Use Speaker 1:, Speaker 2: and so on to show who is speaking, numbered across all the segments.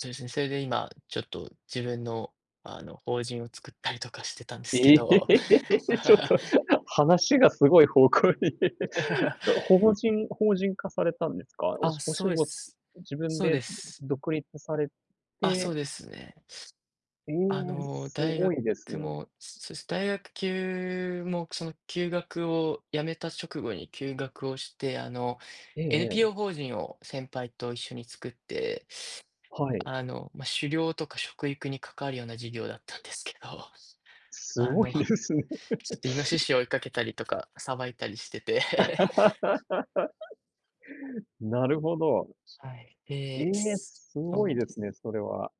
Speaker 1: そうですね。それで今、ちょっと自分の、あの法人を作ったりとかしてたんですけ
Speaker 2: え
Speaker 1: ど。
Speaker 2: え、ちょっ と、話がすごい方向に。と、法人法人化されたんですか？お
Speaker 1: あ、
Speaker 2: しお
Speaker 1: そ
Speaker 2: 仕
Speaker 1: うで
Speaker 2: ご、
Speaker 1: す。
Speaker 2: 自分
Speaker 1: そう
Speaker 2: で
Speaker 1: です。
Speaker 2: 独立され
Speaker 1: あ、そ
Speaker 2: て
Speaker 1: うですね。
Speaker 2: え
Speaker 1: あ
Speaker 2: え、
Speaker 1: の
Speaker 2: す
Speaker 1: 大
Speaker 2: ご
Speaker 1: 学
Speaker 2: いですね。
Speaker 1: も、そうです。大学きゅうも、その休学をやめた直後に休学をして、あの
Speaker 2: ええ
Speaker 1: NPO
Speaker 2: ええ。
Speaker 1: 法人を先輩と一緒に作って、
Speaker 2: はい。
Speaker 1: あの、ま、狩猟とか食育に関わるような授業だったんですけど。
Speaker 2: す
Speaker 1: あ
Speaker 2: ごい
Speaker 1: の、ちょ
Speaker 2: ですね。
Speaker 1: っと猪を追いかけたりとか、捌いたりしてて。
Speaker 2: なるほど。
Speaker 1: はい。
Speaker 2: え
Speaker 1: で、
Speaker 2: え、
Speaker 1: そ
Speaker 2: す
Speaker 1: う
Speaker 2: ご
Speaker 1: な
Speaker 2: い
Speaker 1: ん
Speaker 2: で
Speaker 1: で
Speaker 2: す
Speaker 1: す。
Speaker 2: ね、それは。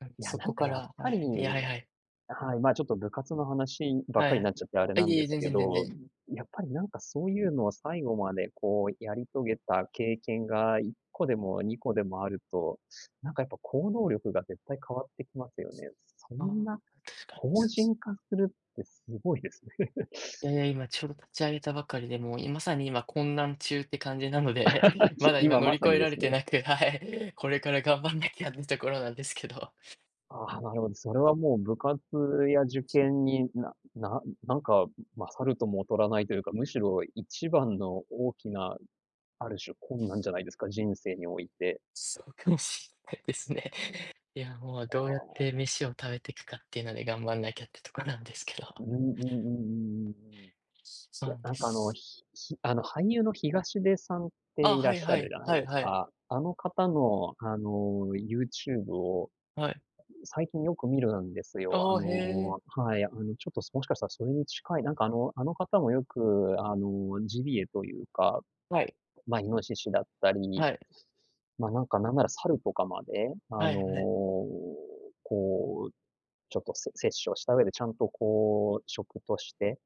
Speaker 1: うん、
Speaker 2: いや、
Speaker 1: そ
Speaker 2: な
Speaker 1: こ
Speaker 2: んか
Speaker 1: か
Speaker 2: やっ
Speaker 1: ら、は
Speaker 2: ぱり、
Speaker 1: い、いや、はいはい。
Speaker 2: はい、ま、ちょっと部活の話ばっ
Speaker 1: は
Speaker 2: かりにな
Speaker 1: い。
Speaker 2: っちゃって、あれ
Speaker 1: あ、
Speaker 2: な
Speaker 1: い
Speaker 2: ん
Speaker 1: えい
Speaker 2: で
Speaker 1: え、
Speaker 2: す
Speaker 1: 全
Speaker 2: け
Speaker 1: 然全
Speaker 2: ど、
Speaker 1: 然。
Speaker 2: やっぱりなんか、そういうのを最後までこう、やり遂げた経験が、1個でも2個でもあると、なんかやっぱ行動力が、絶対変わってきますよね。そ
Speaker 1: あ
Speaker 2: ん
Speaker 1: あ、
Speaker 2: な、
Speaker 1: 確かに
Speaker 2: 法
Speaker 1: そうす。
Speaker 2: 人化するって、すごいですね。
Speaker 1: いやいや、今ちょうど立ち上げたばかりで、もういまさに今混乱中って感じなので、ま だ今
Speaker 2: 今
Speaker 1: 乗
Speaker 2: ま
Speaker 1: り
Speaker 2: さ
Speaker 1: 越
Speaker 2: に
Speaker 1: え
Speaker 2: で
Speaker 1: られ
Speaker 2: す
Speaker 1: て
Speaker 2: ね。
Speaker 1: なくて、はい。これから頑張んなきゃっていうところなんですけど。
Speaker 2: ああ、なるほど。それはもう部活や受験に、なななんか勝るとも劣らないというか、むしろ一番の大きな、ある種困難じゃないですか、人生において。
Speaker 1: そうかもしんないですね。いや、もう
Speaker 2: お
Speaker 1: どうやっ
Speaker 2: お。
Speaker 1: て飯を食べていくかっていうので、頑張んなきゃってとこなんですけど。
Speaker 2: うんうんうんうんうんうん。
Speaker 1: そ
Speaker 2: い
Speaker 1: う
Speaker 2: や、
Speaker 1: なんで
Speaker 2: なんかあの、
Speaker 1: す。
Speaker 2: ひひあの俳優の東出さんって
Speaker 1: あ、
Speaker 2: いら
Speaker 1: は
Speaker 2: っ
Speaker 1: い
Speaker 2: しゃ
Speaker 1: は
Speaker 2: る
Speaker 1: い。
Speaker 2: じゃない
Speaker 1: はい
Speaker 2: です
Speaker 1: はい。
Speaker 2: か。あの方の、あの YouTube を、
Speaker 1: はい。
Speaker 2: 最近よく見るんですよ、あ
Speaker 1: ああ、へえ。
Speaker 2: の、はい。あのちょっともしかしたら、それに近い、なんかあのあの方もよく、あのジビエというか、
Speaker 1: はい。
Speaker 2: ま、猪だったり、
Speaker 1: はい。
Speaker 2: ま、なんかなんなら猿とかまで、あ
Speaker 1: は
Speaker 2: の
Speaker 1: いはい。
Speaker 2: こう、ちょっとせ殺生した上でちゃんとこう食として、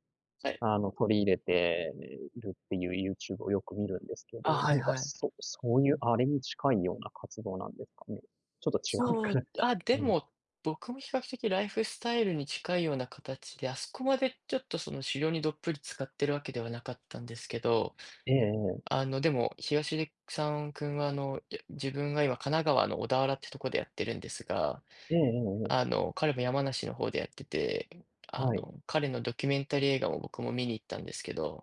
Speaker 1: はい。
Speaker 2: あの取り入れているっていう YouTube をよく見るんですけ
Speaker 1: あ、
Speaker 2: ど、
Speaker 1: はい
Speaker 2: 何か、
Speaker 1: はい。
Speaker 2: そそういうあれに近いような活動なんですかね？ちょっと違うの
Speaker 1: そ
Speaker 2: か
Speaker 1: う
Speaker 2: な？
Speaker 1: あ、で
Speaker 2: うん。
Speaker 1: も、僕も比較的ライフスタイルに近いような形で、あそこまでちょっとその狩猟に、どっぷり浸かってるわけではなかったんですけど。
Speaker 2: ええええ。
Speaker 1: あのでも、東出さん君は、あの、いや、自分が今、神奈川の小田原ってとこでやってるんですが、
Speaker 2: ええええええ。
Speaker 1: あの彼も山梨の方でやってて、あ
Speaker 2: はい。
Speaker 1: の彼のドキュメンタリー映画も、僕も見に行ったんですけど。